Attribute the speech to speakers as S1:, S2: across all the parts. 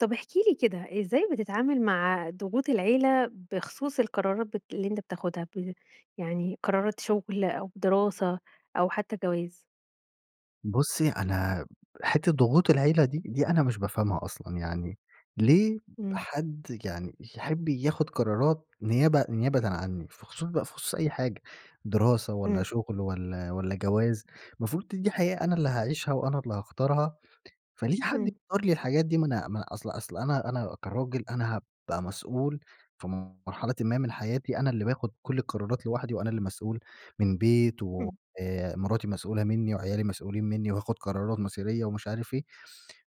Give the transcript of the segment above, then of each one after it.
S1: طب احكِ لي كده. إزاي بتتعامل مع ضغوط العيلة بخصوص القرارات ب اللي أنت بتاخدها ب يعني قرارات شغل أو دراسة أو حتّى جواز؟
S2: بُصّي أنا حتّة ضغوط العيلة دي، دي أنا مش بافهمها أصلًا. يعني ليه
S1: امم.
S2: حد يعني يحب ياخد قرارات نيابة نيابةً عنّي؟ في خصوص ب خصوص أي حاجة دراسة، والّا
S1: امم.
S2: شغل والّا والّا جواز. المفروض د دي حياة أنا اللي هاعيشها وأنا اللي هاختارها. فليه حد
S1: امم.
S2: يختار لي الحاجات دي؟ ما أنا م أصل أصل أنا أنا كراجل أنا هابقى مسؤول في مرحلةً ما من حياتي. أنا اللي باخد كل القرارات لوحدي، وأنا اللي مسؤول من بيت و
S1: امم.
S2: آآ مراتي مسؤولة مِنّي وعيالي مسؤولين مِنّي وهاخد قرارات مصيرية، ومش عارف إيه.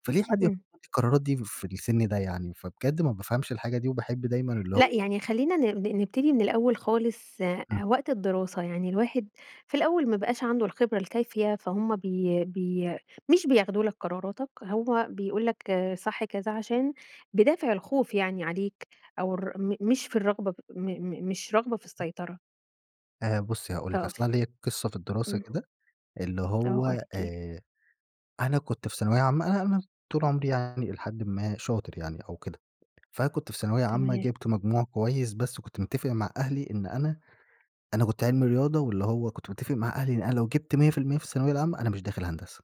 S2: فليه حد ياخد
S1: امم.
S2: لي القرارات دي في السن ده يعني؟ فبجد ما بافهمش الحاجة دي وباحب دايمًا اللي
S1: .لأ
S2: هو
S1: يعني خلّينا ن ن نبتدي من الأوّل خالص. آآ
S2: امم.
S1: وقت الدراسة يعني الواحد في الأوّل ما بقاش عنده الخبرة الكافية، فهمّ بي بي مش بياخدوا لَك قراراتك، هو بيقول لَك صح كذا، عشان بدافع الخوف يعني عليك، أو ر م مش في الرغبة م م مش رغبة في السيطرة.
S2: آآ بُصّي هاقول لِك، أصل
S1: [unintelligible]
S2: أنا ليّا قصّة في الدراسة
S1: امم.
S2: كده. اللي
S1: آه،
S2: هو،
S1: أكيد.
S2: آآ، أنا كنت في ثانوية عامةً، [unintelligible] طول عمري يعني الى حدٍّ ما شاطر يعني أو كده، فكنت في ثانوية عامةً
S1: ،تما
S2: جيبت مجموع كويّس، بس وكنت متّفق مع أهلي إن أنا أنا كنت علم الرياضة، واللي هو كنت متّفق مع أهلي إن أنا لو جبت 100% في الثانوية العامةً، أنا مش داخل هندسة.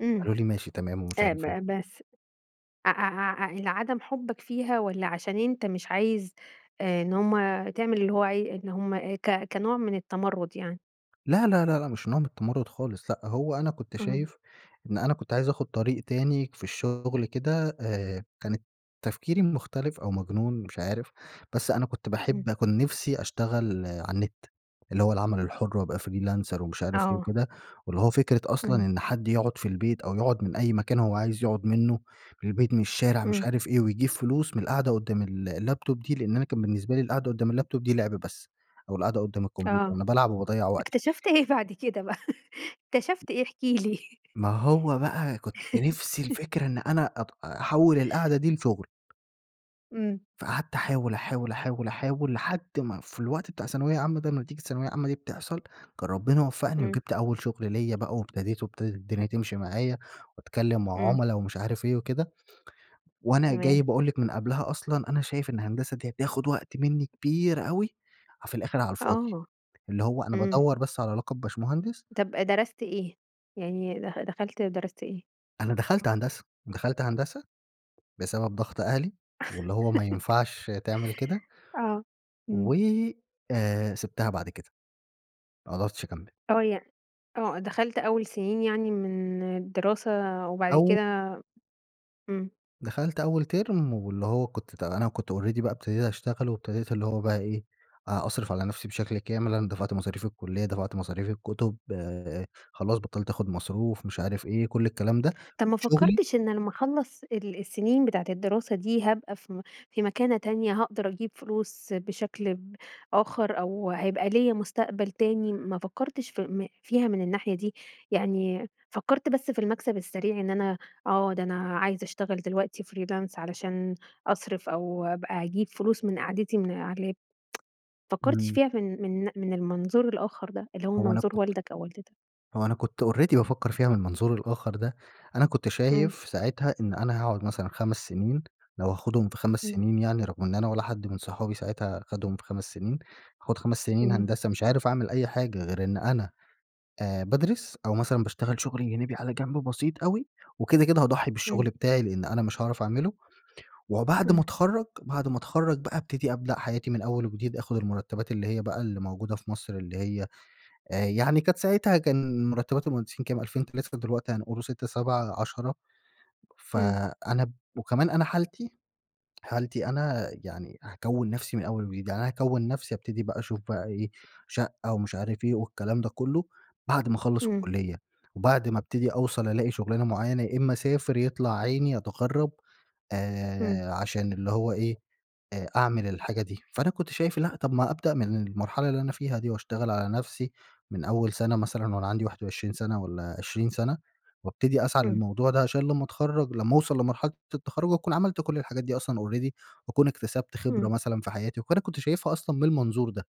S1: امم
S2: قالوا لي ماشي تمام ومش
S1: أ
S2: عارف إيه.
S1: ب بس ع ع لعدم حبك فيها والّا عشان أنتَ مش عايز آآ، إن هم تعمل اللي هو عاي إن هم آآ ك كنوع من التمرُّد يعني؟
S2: لا لا لأ، مش نوع من التمرُّد خالص لأ، هو أنا كنت
S1: امم.
S2: شايف إن أنا كنت عايز أخد طريق تاني في الشغل كده آآ، كان تفكيري مختلف أو مجنون مش عارف، بس أنا كنت
S1: امم.
S2: باحب كان نفسي أشتغل على النت، اللي هو العمل الحُر وأبقى freelancer ومش عارف إيه
S1: آه.
S2: وكده، واللي هو فكرة أصلًا
S1: امم.
S2: إن حد يقعد في البيت، أو يقعد من أي مكان هو عايز يقعد منه من البيت، من الشارع، مش
S1: امم.
S2: عارف إيه ويجيب فلوس من القعدة قدام ال الlaptop دي لأن أنا كان بالنسبة لي القعدة قدام الlaptop دي لِعب بس أو القعدة قدام الكمبيوتر
S1: آه،
S2: أنا بالعب وباضيَّع وقتي.
S1: اكتشفت إيه بعد كده بقى اكتشفت إيه احكي لي؟
S2: ما هو بقى كنت نفسي الفكرة إن أنا أب أحوّل القعدة دي لشغل.
S1: امم.
S2: فقعدت أحاول، أحاول، أحاول، أحاول لحد ما في الوقت بتاع ثانوية عامة ده، نتيجة الثانوية العامة دي بتحصل، كان ربنا وفقني
S1: امم.
S2: وجبت أول شغل ليّا بقى وابتديت وابتدت الدنيا تمشي معايا، وأتكلّم مع
S1: امم.
S2: عُملا ومش عارف إيه وكده، وأنا جاي
S1: تمام.
S2: باقول لِك من قبلها أصلًا أنا شايف إن هندسة دي هتاخد وقت مني كبير أوي، وفي الآخر على الفاضي،
S1: آه.
S2: اللي هو أنا
S1: إمم.
S2: بادوَّر بس على لقب باشمهندس
S1: طب، درست إيه، يعني دخ دخلت درست إيه؟
S2: أنا دخلت هندسة، دخلت هندسة بسبب ضغط أهلي واللي هو ما ينفعش تعمل كده
S1: آه،
S2: و
S1: إمم.
S2: آآ، سيبتها بعد كده. ما قدرتش أكمل.
S1: آه، يع آه، دخلت أول سنين يعني من الدراسة وبعد
S2: أو
S1: كده إمم.
S2: دخلت أول تيرم، واللي هو كنت أت أنا كنت already بقى ابتديت اشتغل، وابتديت اللي هو بقى إيه، أ أصرف على نفسي بشكل كامل. أنا دفعت مصاريف الكلية، دفعت مصاريف الكتب، آآ خلاص بطلّت أخُد مصروف، مش عارف إيه، كل الكلام ده.
S1: طب، ما
S2: شغلي
S1: فكرتش إن لمّا اخلّص ال السنين بتاعة الدراسة دي، هابقى في م في مكانة تانية، هاقدر أجيب فلوس بشكل ب آخر، أو هيبقى ليّا مستقبل تاني؟ ما فكرتش في فيها من الناحية دي؟ يعني فكرت بس في المكسب السريع، إن أنا آه، ده أنا عايز اشتغل دلوقتي freelance علشان أصرف، أو بقى أجيب فلوس من قعدتي من علي اللاب. ما فكرتش
S2: إمم.
S1: فيها من من من المنظور الآخر ده، اللي هو
S2: هو أنا
S1: منظور
S2: كنت
S1: والدك أو والدتك؟
S2: هو أنا كنت already بافكر فيها من المنظور الآخر ده. أنا كنت
S1: إمم.
S2: شايف ساعتها إن أنا هاقعد مثلًا 5 سنين، لو هاخدهم في 5
S1: إمم.
S2: سنين يعني، رغم إن أنا ولا حد من صحابي ساعتها خدهم في 5 سنين، هاخد 5 سنين
S1: إمم.
S2: هندسة، مش عارف أعمل أي حاجة غير إن أنا آآ بادرس، أو مثلًا باشتغل شغل جانبى على جنب بسيط أوي، وكده كده هاضحي
S1: إمم.
S2: بالشغل بتاعي، لأن أنا مش هاعرف أعمله. وبعد ما
S1: إمم.
S2: اتخرج، بعد ما اتخرج بقى، ابتدى ابدأ حياتي من أول وجديد، أخُد المرتبات اللي هي بقى اللي موجودة في مصر، اللي هي آآ يعني كانت ساعتها كان مرتبات المهندسين كام 2000، 3، دلوقتي هنقول 6، 7، 10.
S1: إمم.
S2: فأنا وكمان أنا حالتي، حالتي أنا يعني، هاكون نفسي من أول وجديد، يعني أنا هاكون نفسي. هابتدي بقى أشوف بقى إيه، شقة ومش عارف إيه والكلام ده كله، بعد ما اخلص
S1: إمم.
S2: الكلية، وبعد ما ابتدي أوصل ألاقي شغلانة معينة، يا إما أسافر يطلع عيني أتغرب،
S1: إمم.
S2: آآ عشان اللي هو إيه، آآ أعمل الحاجة دي. فأنا كنت شايف لأ، طب ما أبدأ من المرحلة اللي أنا فيها دي، واشتغل على نفسي من أول سنة مثلًا، وأنا عندي 21 سنة والّا 20 سنة، وابتدي أسعى
S1: إمم.
S2: للموضوع ده، عشان لمّا أتخرج، لمّا أوصل لمرحلة التخرج، أكون عملت كل الحاجات دي أصلًا already واكون اكتسبت خبرة
S1: إمم.
S2: مثلًا في حياتي. وأنا كنت شايفها أصلًا من المنظور ده.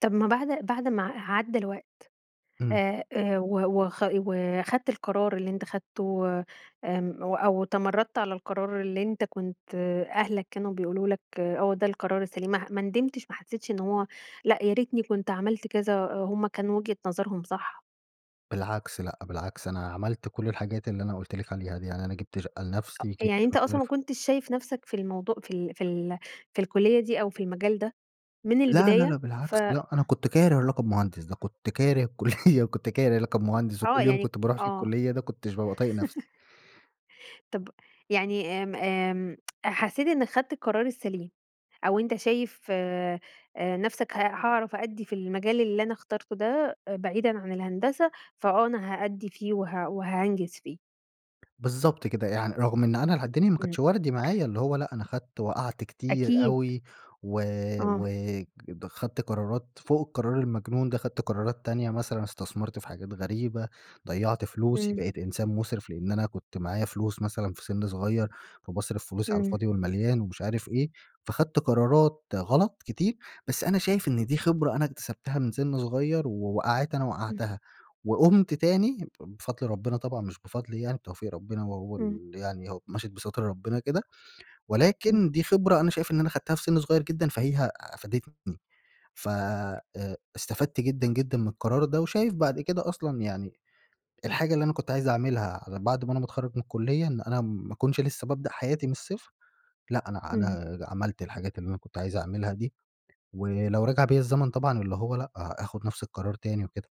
S1: طب ما بعد بعد ما ع عدى الوقت،
S2: امم.
S1: آآ، آآ و وخ وخدت القرار اللي أنت خدته آمم و أو تمردت على القرار اللي أنتَ كنت أهلك كانوا بيقولوا لك آه ده القرار السليم ماح ما ندمتش ما حسيتش إن هو لأ، يا ريتني كنت عملت كذا آآ، هم كانوا وجهة نظرهم صح؟
S2: بالعكس لأ، بالعكس أنا عملت كل الحاجات اللي أنا قلت لكِ عليها دي، يعني أنا جيبت شقة لنفسي،
S1: يعني
S2: جيبت
S1: أنتَ
S2: مش
S1: أصلًا ما
S2: عارف
S1: كنتش شايف نفسك في الموضو في ال في ال في الكليِّة دي أو في المجال ده، من
S2: لا لا لأ،
S1: البداية؟ ف
S2: بالعكس لأ، أنا كنت كاره لقب مهندس ده كنت كاره الكليِّة و كنت كاره لقب مهندس،
S1: آه
S2: وكل يوم
S1: يعني ك
S2: كنت باروح فيه
S1: آه.
S2: الكليِّة ده، ما كنتش بابقى طايق نفسي.
S1: طب يعني آمم، آمم حسيت إنك خدت القرار السليم، أو أنتَ شايف آآ نفسك ه هاعرف أأدي في المجال اللي أنا اخترته ده، آآ، بعيدًا عن الهندسة فآه أنا هأدي فيه وه وهانجز فيه؟
S2: بالضبط كده يعن رغم إن أنا اله الدنيا ما
S1: امم.
S2: كانتش وردي معايا، اللي هو لأ، أنا خدت وقعت كتير
S1: أكيد.
S2: أوي، و
S1: اه.
S2: و د خدت قرارات فوق القرار المجنون ده، خذت قرارات تانية مثلًا استثمرت في حاجات غريبة، ضيَّعت فلوسي
S1: امم.
S2: بقيت إنسان مسرف، لإن أنا كنت معايا فلوس مثلًا في سن صغير، فباصرف فلوسي على
S1: امم.
S2: الفاضي والمليان ومش عارف إيه، فخدت قرارات غلط كتير بس أنا شايف إن دي خبرة أنا اكتسبتها من سن صغير، ووقعات أنا
S1: امم.
S2: وقعتها، وقمت تاني ب بفضل ربنا طبعًا مش بفضلي يعني بتوفيق ربنا وهو
S1: امم.
S2: ال يعني هو مشيت بستر ربنا كده.
S1: امم.
S2: ولكن دي خبرة أنا شايف إن أنا خدتها في سن صغير جدًا فهي أفادتني. ف آآ استفدت جدًا جدًا من القرار ده وشايف بعد كده أصلًا يعني الحاجة اللي أنا كنت عايز أعملها على بعد ما أنا ما اتخرج من الكلية إن أنا ما كنش لسه بابدأ حياتي من الصفر لأ، أنا
S1: امم.
S2: أنا عملت الحاجات اللي أنا كنت عايز أعملها دي، ولو رجع بيَّ الزمن طبعًا اللي هو لأ، آخد نفس القرار تاني وكده.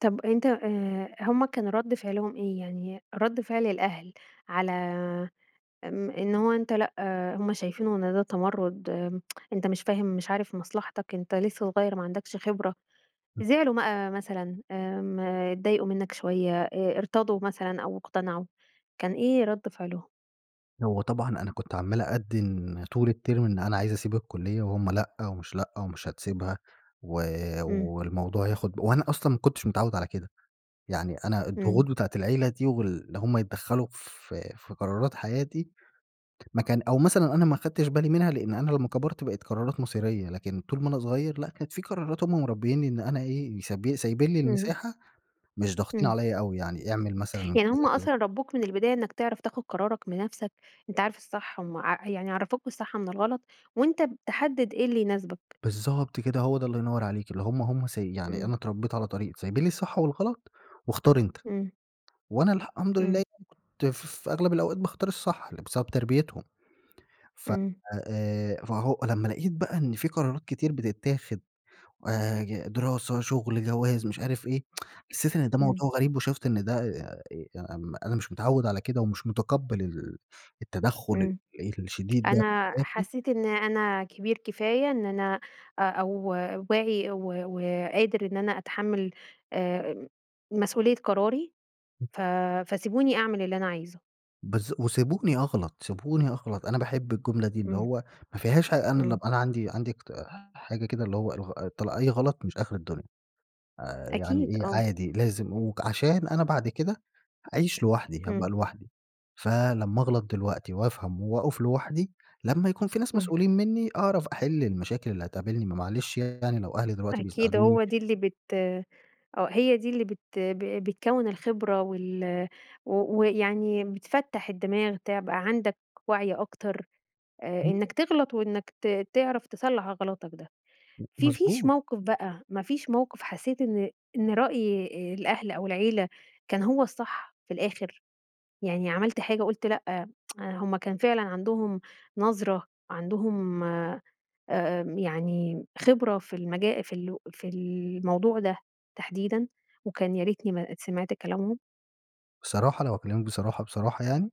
S1: طب أنت آآ، هم كان رد فعلهم إيه؟ يعني رد فعل الأهل على، امم، إن هو أنت لأ، هم شايفينه إن ده تمرد، أنت مش فاهم، مش عارف مصلحتك. أنت لسّه صغيّر ما عندكش خبرة،
S2: [unintelligible]
S1: زعلوا مَقى مثلًا آمم، اتضايقوا منّك شويّة، آآ ارتضوا مثلًا أو اقتنعوا، كان إيه رد فعلهم؟
S2: هو طبعًا أنا كنت عمّال أدّن طول الترم، إن أنا عايز أسيب الكلية وهم لأ، ومش لأ، ومش هتسيبها و
S1: امم.
S2: والموضوع ياخد ب وأنا أصلًا ما كنتش متعوّد على كده، يعني أنا
S1: امم.
S2: الضغوط بتاعة العيلة دي وال اللي هم يتدخلوا في في قرارات حياتي، ما كان أو مثلًا أنا ما أخدتش بالي منها لأن أنا لمّا كَبرت بقيت قرارات مصيرية، لكن طول ما أنا صغيّر لأ، كانت في قرارات هم مربيني إن أنا إيه؟ ساب سايبين لي
S1: امم.
S2: المساحة مش ضاغطين
S1: امم.
S2: عليَّ أوي يعني، اعمل مثلًا
S1: يعني هم
S2: كذا كذا.
S1: أصلًا رَبوك من البداية إنّك تعرف تاخد قرارك بنفسك، أنت عارف الصح وما ع يعني عرفوك الصح من الغلط، وأنت ب تحدد إيه اللي يناسبك.
S2: بالضبط كده، هو ده الله ينور عليكِ، اللي هم هم سي يعني
S1: امم.
S2: أنا اتربيت على طريق سايبين لي الصح والغلط، واختار أنتَ،
S1: امم.
S2: وأنا الحمد لله
S1: امم.
S2: يعنى كنت ف في أغلب الأوقات باختار الصح، بسبب تربيتهم ف
S1: امم.
S2: آآ فهو لمّا لقيت بقى إن في قرارات كتير بتتاخد، آآ، ي دراسة، شغل، جواز، مش عارف إيه. حسيت إن ده
S1: امم.
S2: موضوع غريب وشُفت إن ده آآ، آمم، أنا مش متعوّد على كده ومش متقبل ال التدخل
S1: امم،
S2: ال الشديد ده في
S1: أنا
S2: حياتي
S1: حسّيت إن أنا كبير كفاية، إن أنا أو واعي و و قادر إن أنا أتحمل، آمم، مسؤوليّة قراري،
S2: [unintelligible]
S1: ف فسيبوني أعمل اللي أنا عايزه.
S2: بالضب وسبوني أغلط، سبوني أغلط. أنا باحب الجملة دي، اللي
S1: إمم.
S2: هو ما فيهاش حاجة. أنا لما
S1: إمم.
S2: أبقى أنا عندي عندي اق حاجة كده، اللي هو الغ أي غلط مش آخر الدنيا، آآ يعني
S1: أكيد،
S2: إيه
S1: آه.
S2: عادي، لازم. وعشان أنا بعد كده هاعيش لوحدي، هابقى
S1: إمم.
S2: لوحدي، فلمّا أغلط دلوقتي وأفهم وأقف لوحدي، لما يكون في ناس
S1: إمم.
S2: مسؤولين مني، أعرف أحل المشاكل اللي هتقابلني. ما معلش يعني، لو أهلي دلوقتي
S1: أكيد،
S2: بيساعدوني
S1: هو دي اللي بت آه، هي دي اللي بت بتكون الخبرة وال و ويعني بتفتح الدماغ، تبقى عندك وعي أكتر، آآ
S2: [unintelligible]
S1: إنك تغلط، وإنك ت تعرف تصلح غلطك ده.
S2: م
S1: في فيش
S2: مضبوط.
S1: موقف بقى، ما فيش موقف حسيت إن إن رأي الأهل أو العيلة كان هو الصح في الآخر؟ يعني عملت حاجة وقُلت لأ، هم كان فعلًا عندهم نظرة، عندهم آآ يعني خبرة في المجا في ال في الموضوع ده تحديدًا، وكان يا ريتني ما سمعت كلامهم؟
S2: بصراحة، لو هاكلمِك بصراحة بصراحة يعني،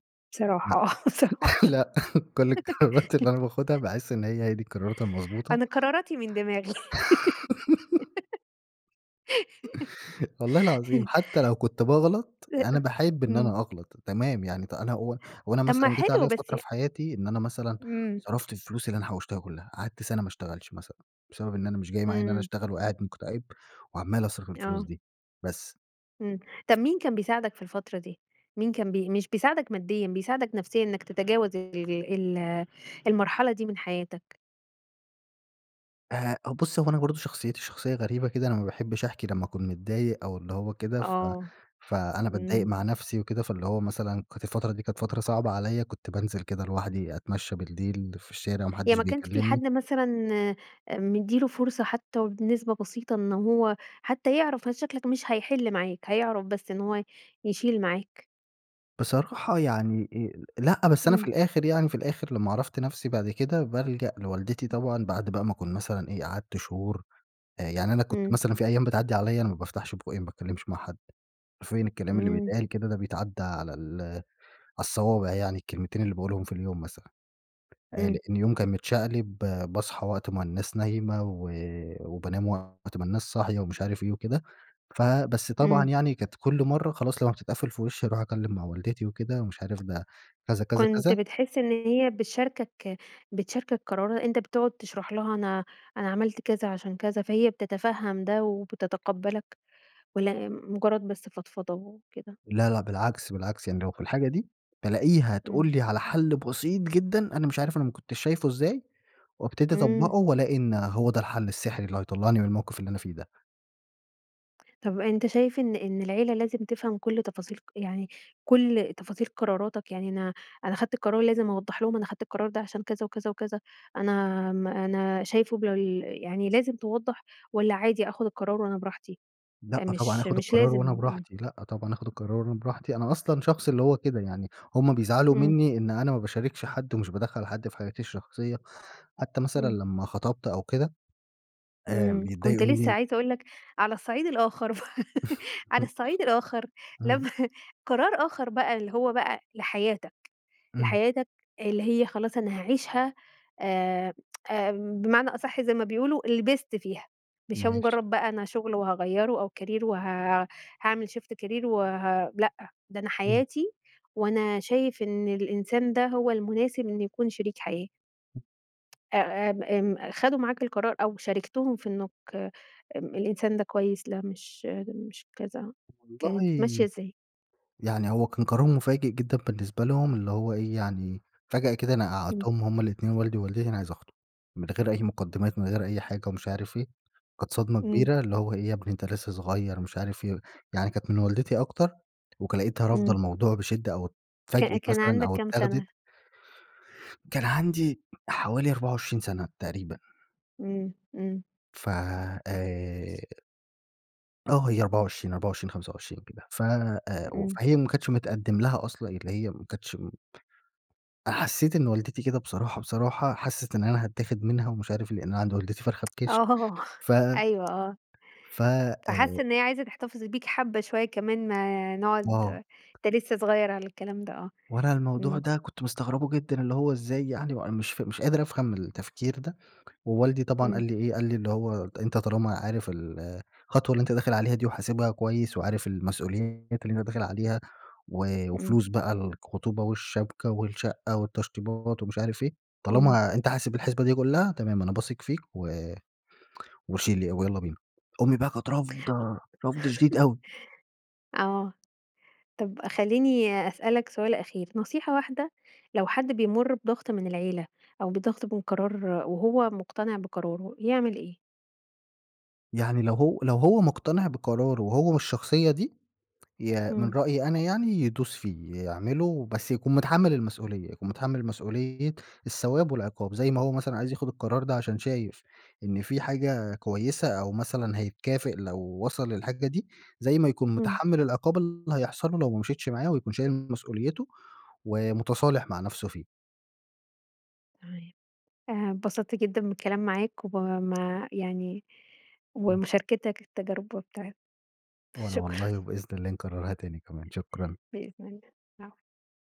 S2: لأ.
S1: بصراحة، آه، بصراحة.
S2: لأ، كل القرارات اللي أنا باخدها، باحس إن هي دى القرارات المضبوطة.
S1: أنا قراراتي من دماغي.
S2: والله العظيم، حتى لو كنت باغلط، يعني أنا
S1: [unintelligible]
S2: باحب إن
S1: إمم.
S2: أنا أغلط، تمام، يعني أنا هو هو أنا
S1: طب ما
S2: مثلًا جيت
S1: حلو
S2: عليّا
S1: بس
S2: فترة
S1: ي
S2: في حياتي إن أنا مثلًا
S1: إمم.
S2: صرفت الفلوس اللي أنا حوشتها كلها. قعدت سنة ما اشتغلش مثلًا، بسبب إن أنا مش جاي معايّا إن أنا
S1: إمم.
S2: أشتغل، وقاعد مُكتئب، وعمال أصرف الفلوس
S1: آه.
S2: دي. بس.
S1: امم، طب، مين كان بيساعدك في الفترة دي؟ مين كان بي مش بيساعدك ماديًا، بيساعدك نفسيًا، إنك تتجاوز ال ال المرحلة دي من حياتك؟
S2: آآ بصي هو أنا برضه شخصيتي شخصية غريبة كده أنا ما باحبش أحكي لما أكون متضايق، أو اللي هو كده ف
S1: آه
S2: فأنا
S1: امم.
S2: باتضايق مع نفسِي وكده، فاللي هو مثلًا كانت الفترة دي كانت فترة صعبة عليَّ كنت بانزِل كده لوحدي أتمشى بالليل في الشارع وما
S1: يعني
S2: حدش
S1: ما كانش في
S2: بيكلمني.
S1: حد مثلًا، آآ، مدِّي له فرصة حتى، وبنسبة بسيطة إن هو حتى يعرَف مشاكلك مش هيحِل معاك، هيعرَف بس إن هو ي يشيل معاك؟
S2: بصراحة يعني آآ لأ، بس أنا في
S1: امم.
S2: الآخر يعني في الآخر لما عرفت نفسي بعد كده بالجأ لوالدتي
S1: [unintelligible]
S2: طبعًا، بعد بقى ما أكون مثلًا إيه قعدت شهور. آآ يعني أنا كنت
S1: امم.
S2: مثلًا في أيام بتعديِّ عليَّ أنا ما بافتحش بُقي ما باتكلمش مع حد. حرفيًا الكلام اللي
S1: امم.
S2: بيتقال كده ده بيتعد على ال على الصوابع يعني الكلمتين اللي باقُولهم في اليوم مثلًا. آآ لإن
S1: امم.
S2: اليوم كان متشقلب باصحى وقت ما الناس نايمة، و وبانام وقت ما الناس صاحية ومش عارف إيه وكده. فبس طبعًا
S1: امم.
S2: يعني كانت كل مرّة خلاص لما بتتقفل في وشي أروح أتكلم مع والدتي وكده، ومش عارف ده كذا كذا
S1: كنت
S2: كذا.
S1: بتحِس إن هي بتشارِكك بتشاركك قرار أنتَ بتقعد تشرح لها أنا أنا عملت كذا عشان كذا، فهي بتتفهَّم ده وبتتقبلك، والّا مجرد بس فضفضة وكده؟
S2: لا لأ، بالعكس، بالعكس يعني لو في الحاجة دي بالاقيها
S1: امم.
S2: تقول لي على حل بسيط جدًا، أنا مش عارف أنا ما كنتش شايفه إزاي، وأبتدي
S1: امم.
S2: أطبّقه وألاقي إن هو ده الحل السحري اللي هيطلعني من الموقف اللي أنا فيه ده.
S1: طب أنتَ شايف إن إن العيلة لازم تفهم كُل تفاصيل ق يعني كل تفاصيل قراراتَك، يعني أنا أنا خدت قرار، لازم أوضَّح لهم أنا خدت القرار ده عشان كذا وكذا وكذا، أنا آمم أنا شايفُه بال يعني لازم توضَّح والّا عادي آخد القرار وأنا براحتي؟
S2: لأ،
S1: آآ
S2: طبعًا
S1: مش
S2: آخُد
S1: مش
S2: القرار
S1: لازم
S2: وأنا
S1: امم
S2: براحتي، لأ طبعًا آخد القرار أنا براحتي. أنا أصلًا شخص اللي هو كده يعني، همّ بيزعلوا
S1: امم.
S2: منّي إن أنا ما باشاركش حد ومش بادخّل حد في حياتي الشخصية. حتى مثلًا
S1: امم.
S2: لمّا خطبْت أو كده، آآ، ف
S1: امم. كنت
S2: بيتضايقوا منّي
S1: لسه
S2: ان
S1: عايزة أقول لَك، على الصَعيد الآخر بقى، على الصَعيد الآخر
S2: امم.
S1: لما قرار آخر بقى اللي هو بقى لحياتَك،
S2: امم.
S1: لحياتَك اللي هي خلاص أنا هاعيشها، آآ آمم، بمعنى أصح زي ما بيقولوا، لبسْت فيها، مش هي
S2: ماشي.
S1: مجرد بقى أنا شغل وهاغيّره، أو career وها هاعمل shift career وه لأ، ده أنا
S2: امم.
S1: حياتي، وأنا شايف إن الإنسان ده هو المناسب إن يكون شريك حياة.
S2: [unintelligible]
S1: آآ، آمم، آمم خدوا معاك القرار أو شاركتهم في إنك امم الإنسان ده كويس، لأ، مش مش كذا، كانت ماشية
S2: والله،
S1: ازاي؟
S2: يعني هو كان قرار مفاجئ جدًا بالنسبة لهم، اللي هو إيه يعني، فجأة كده أنا
S1: امم.
S2: قعّدتهم همّ الاتنين، والدي ووالدتي، أنا عايز أخطب. من غير أي مقدمات من غير أي حاجة ومش عارف إيه، كانت صدمة
S1: امم.
S2: كبيرة اللي هو "إيه يا ابني، أنتَ لسه صغير." مش عارف إيه، يعني كانت من والدتي أكتر، وك لقيتها رافضة
S1: امم.
S2: الموضوع بشدة، أو
S1: ك
S2: اتفاجئِت
S1: كان
S2: مثلًا
S1: عندَك
S2: أو
S1: كام
S2: اتاخدت
S1: سنة؟
S2: كان عندي حوالي 24 سنة تقريبًا.
S1: امم امم.
S2: فآآ آه هي 24، 24، 25 كده. فأ و
S1: إمم.
S2: فهي ما كانتش متقدم لها أصلًا، اللي هي ما كانتش امم أ حسّيت إن والدتي كده بصراحة، بصراحة حسّت إن أنا هتاخد منها ومش عارف لأن أنا عند والدتي فرخة بِكشك
S1: ،آه
S2: ف
S1: أيوه آه.
S2: فآآ
S1: فحَس إن هي عايزة تحتفظ بيك حبة شوية كمان نقعد
S2: آه.
S1: أنت لسه صغير على الكلام ده آه.
S2: وأنا الموضوع
S1: امم.
S2: ده كنت مستغربه جدًّا؛ اللي هو إزاي يعني؟ وأنا مش ف مش قادر أفهم التفكير ده، ووالدي طبعًا قال
S1: امم.
S2: لي إيه؟ قال لي اللي هو: "أنت طالما عارف الخطوة اللي أنت داخل عليها دي وحاسبها كويّس، وعارف المسؤوليات اللي أنت داخل عليها، و
S1: امم.
S2: وفلوس بقى الخطوبة والشبكة والشقّة والتشطيبات ومش عارف إيه،
S1: امم.
S2: طالما أنت حاسب الحسبة دي كلّها، تمام. أنا باثق فيك و وشيل ي ويلّا بينا." أمي بقى كانت رافضة رفض شديد أوي.
S1: آه، طب خلّيني أسألك سؤال أخير. نصيحة واحدة لو حد بيمر بضغط من العيلة أو بضغط من قرار وهو مقتنع بقراره يعمل إيه؟
S2: يعني لو هو لو هو مقتنع بقراره، وهو والشخصيّة دي يا من
S1: امم.
S2: رأيي أنا يعني يدوس فيه يعمله، بس يكون متحمل المسؤوليّة؛ يكون متحمل مسؤوليّة الثواب والعقاب، زي ما هو مثلًا عايز ياخد القرار ده عشان شايف إن في حاجة كويّسة أو مثلًا هيتكافئ لو وصل للحاجة دي، زي ما يكون
S1: امم.
S2: متحمل العقاب اللي هيحصل له لو ما مشيتش معاه، ويكون شايل مسؤوليته ومتصالح مع نفسه فيه.
S1: تمام. اتبسطت جدًّا بالكلام معاك وب ما يعني
S2: [unintelligible]
S1: ومشاركتك للتجربة بتاع
S2: وأنا
S1: شكرًا
S2: والله وبإذن الله نكررها تانى كمان. شكرًا.
S1: بإذن الله. العفو.